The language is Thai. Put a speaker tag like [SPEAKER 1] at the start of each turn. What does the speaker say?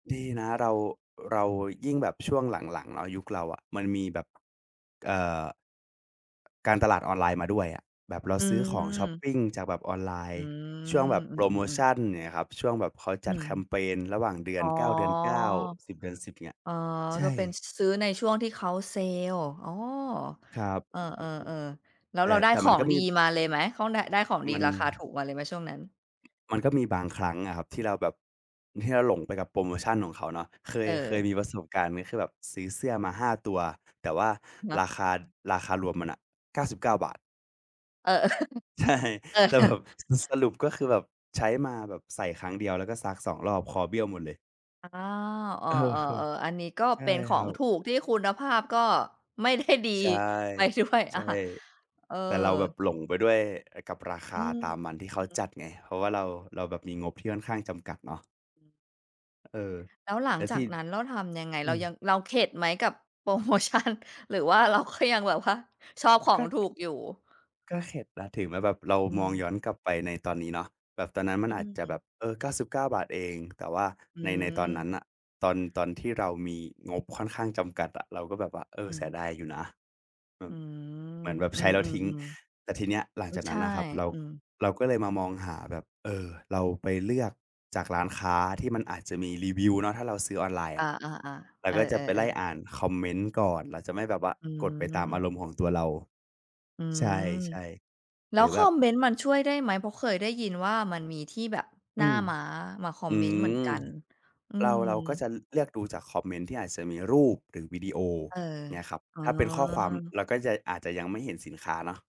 [SPEAKER 1] ดีนะเรา เรายิ่งแบบช่วงหลัง ๆ เนาะ ยุคเราอะมันมีแบบ เอ่อ การตลาดออนไลน์มาด้วยอะ แบบเรา
[SPEAKER 2] อ
[SPEAKER 1] ซื้อของช็อป
[SPEAKER 2] ืม
[SPEAKER 1] ปิงจากแบบออนไลน
[SPEAKER 2] อื
[SPEAKER 1] ์ ช่วงแบ
[SPEAKER 2] ม
[SPEAKER 1] บ
[SPEAKER 2] อื
[SPEAKER 1] โพรโม
[SPEAKER 2] อ
[SPEAKER 1] ช
[SPEAKER 2] ๆ ๆ
[SPEAKER 1] ัน อย่างเงี้ยครับ ช่วงแบบเขา
[SPEAKER 2] อ
[SPEAKER 1] จ
[SPEAKER 2] ื
[SPEAKER 1] ัด
[SPEAKER 2] ม
[SPEAKER 1] แคมเพนระหว่าง
[SPEAKER 2] อ๋อ
[SPEAKER 1] 9 เดือน 9 10 เดือน 10 อย่างเงี้ย
[SPEAKER 2] อ๋อ
[SPEAKER 1] ใช
[SPEAKER 2] ก็เป็น
[SPEAKER 1] ่
[SPEAKER 2] ซ ซื้อในช่วงที่เขาเซลส์ อ๋อ
[SPEAKER 1] ครับ
[SPEAKER 2] เออ ๆ ๆ แล้ว
[SPEAKER 1] แต่
[SPEAKER 2] เราได้
[SPEAKER 1] แต่
[SPEAKER 2] ข
[SPEAKER 1] มั
[SPEAKER 2] อ
[SPEAKER 1] นก
[SPEAKER 2] ง
[SPEAKER 1] ็ม
[SPEAKER 2] ด
[SPEAKER 1] ี
[SPEAKER 2] ีมาเลยไหม ของได้ ได้ของด
[SPEAKER 1] ม
[SPEAKER 2] ี
[SPEAKER 1] ัน
[SPEAKER 2] ราคาถูกมาเลยไหมช่วงนั้น?
[SPEAKER 1] มันก็มีบางครั้งอะครับที่เราแบบ ที่เราหลงไปกับโพรโมชันของเขาเนาะ เค
[SPEAKER 2] เ
[SPEAKER 1] ย เคย
[SPEAKER 2] ออ
[SPEAKER 1] มีประสบการณ์นี้ คือแบบซื้อเสื้อมา 5 ตัว แต่ว่า
[SPEAKER 2] อะฮ
[SPEAKER 1] ร
[SPEAKER 2] ะ
[SPEAKER 1] าคา ราคารวมมันน่ะ 99 บาท
[SPEAKER 2] เออ ๆ
[SPEAKER 1] ใช่
[SPEAKER 2] เออ
[SPEAKER 1] แต่แบบสรุป ก็คือแบบใช้มาแบบใส่ครั้งเดียว แล้วก็ซัก 2 รอบคอเบี้ยวหมดเลย
[SPEAKER 2] อา เออ
[SPEAKER 1] เออ
[SPEAKER 2] ๆ ๆ อันนี้ก็
[SPEAKER 1] ใช่
[SPEAKER 2] เป็นข
[SPEAKER 1] ค
[SPEAKER 2] อ
[SPEAKER 1] รั
[SPEAKER 2] ง
[SPEAKER 1] บ
[SPEAKER 2] ถูกที่คุณภาพก็ ไม่ได้ดี
[SPEAKER 1] ใช่
[SPEAKER 2] ไปด้วย
[SPEAKER 1] ใ
[SPEAKER 2] อ
[SPEAKER 1] ช
[SPEAKER 2] า
[SPEAKER 1] ่
[SPEAKER 2] เออ
[SPEAKER 1] แต่เราแบบหลงไปด้วยกับราค
[SPEAKER 2] อ
[SPEAKER 1] า
[SPEAKER 2] ืม
[SPEAKER 1] ตามมันที่เข
[SPEAKER 2] อื
[SPEAKER 1] า
[SPEAKER 2] มๆ
[SPEAKER 1] จัดไง เพราะว่าเรา เราแบบมีงบที่ค่อนข้างจำกัดเนาะ
[SPEAKER 2] อืม
[SPEAKER 1] เออ
[SPEAKER 2] แล้วหลั
[SPEAKER 1] แต
[SPEAKER 2] ง
[SPEAKER 1] ่
[SPEAKER 2] จ
[SPEAKER 1] ท
[SPEAKER 2] า
[SPEAKER 1] ี่
[SPEAKER 2] กนั้นเราทำยังไง?
[SPEAKER 1] อื
[SPEAKER 2] เรา
[SPEAKER 1] ม
[SPEAKER 2] ยัง เราเข็ดไหมกับ โพรโมชัน หรือว่าเราก็ยังแบบว่า ชอบขอ
[SPEAKER 1] ก
[SPEAKER 2] ง
[SPEAKER 1] ็
[SPEAKER 2] ถูกอยู่?
[SPEAKER 1] ก็เข็ดนะ ถึงแม้แบบเรา
[SPEAKER 2] อื
[SPEAKER 1] มอง
[SPEAKER 2] ม
[SPEAKER 1] ย้อนกลับไปในตอนนี้เนาะ แบบตอนนั้นมั
[SPEAKER 2] อ
[SPEAKER 1] น
[SPEAKER 2] ื
[SPEAKER 1] อาจจะแบ
[SPEAKER 2] ม
[SPEAKER 1] บ เออ 99 บาทเอง แต่ว่า
[SPEAKER 2] อื
[SPEAKER 1] ใน ในตอนน
[SPEAKER 2] ม
[SPEAKER 1] ั้นน่ะ ตอน ตอนที่เรามีงบค่อนข้างจำกัดอะ เราก็แบบว่า เอ
[SPEAKER 2] อ
[SPEAKER 1] อ
[SPEAKER 2] ื
[SPEAKER 1] เสีย
[SPEAKER 2] ม
[SPEAKER 1] ดายอยู่นะ อื
[SPEAKER 2] อื
[SPEAKER 1] ม
[SPEAKER 2] ม
[SPEAKER 1] เหมือนแบบ
[SPEAKER 2] อื
[SPEAKER 1] ใช้แล้วทิ้ง
[SPEAKER 2] ม
[SPEAKER 1] แต่ทีเนี้ย
[SPEAKER 2] ๆ
[SPEAKER 1] หลังจาก
[SPEAKER 2] ๆ ใ
[SPEAKER 1] น
[SPEAKER 2] ช
[SPEAKER 1] ั้
[SPEAKER 2] ่
[SPEAKER 1] นนะครับ เรา
[SPEAKER 2] อืม
[SPEAKER 1] เราก็เลยมามองหาแบบ เออ เราไปเลือกจากร้านค้าที่มันอาจจะมีรีวิวเนาะ ถ้าเราซื้อออนไลน์
[SPEAKER 2] อ
[SPEAKER 1] อ
[SPEAKER 2] า
[SPEAKER 1] ะ
[SPEAKER 2] ๆ
[SPEAKER 1] เร
[SPEAKER 2] ๆ
[SPEAKER 1] า
[SPEAKER 2] เออ
[SPEAKER 1] ก็จะไปไล่
[SPEAKER 2] ๆ ๆ
[SPEAKER 1] อ่านคอมเมนต์ก่อน เราจะไม่แบบว่า
[SPEAKER 2] อื
[SPEAKER 1] กดไปตามอา
[SPEAKER 2] ม
[SPEAKER 1] รมณ์ของตัวเรา
[SPEAKER 2] อื
[SPEAKER 1] ใช
[SPEAKER 2] ม
[SPEAKER 1] ่
[SPEAKER 2] แ
[SPEAKER 1] ๆ
[SPEAKER 2] ล
[SPEAKER 1] ห
[SPEAKER 2] ้
[SPEAKER 1] ร
[SPEAKER 2] ว
[SPEAKER 1] ือ
[SPEAKER 2] ค
[SPEAKER 1] แบ
[SPEAKER 2] อ
[SPEAKER 1] บ
[SPEAKER 2] มเมนต์มันช่วยได้ไหม? เพราะเคยได้ยินว่า มันมีที่แบบห
[SPEAKER 1] อ
[SPEAKER 2] น้
[SPEAKER 1] ื
[SPEAKER 2] า
[SPEAKER 1] ม
[SPEAKER 2] ม้ามาคอ
[SPEAKER 1] อ
[SPEAKER 2] ม
[SPEAKER 1] ื
[SPEAKER 2] เมนต์เหมือน
[SPEAKER 1] ม
[SPEAKER 2] กัน อื
[SPEAKER 1] เรา
[SPEAKER 2] ม
[SPEAKER 1] เราก็จะเลือกดูจากคอมเมนต์ที่อาจจะมีรูปหรือวิดีโอ
[SPEAKER 2] เออ
[SPEAKER 1] เงี้ยครับ
[SPEAKER 2] อ๋
[SPEAKER 1] ถ้าเป็นข้อความ
[SPEAKER 2] อ
[SPEAKER 1] เราก็ ย อาจจะยังไม่เห็นสินค้าเนาะ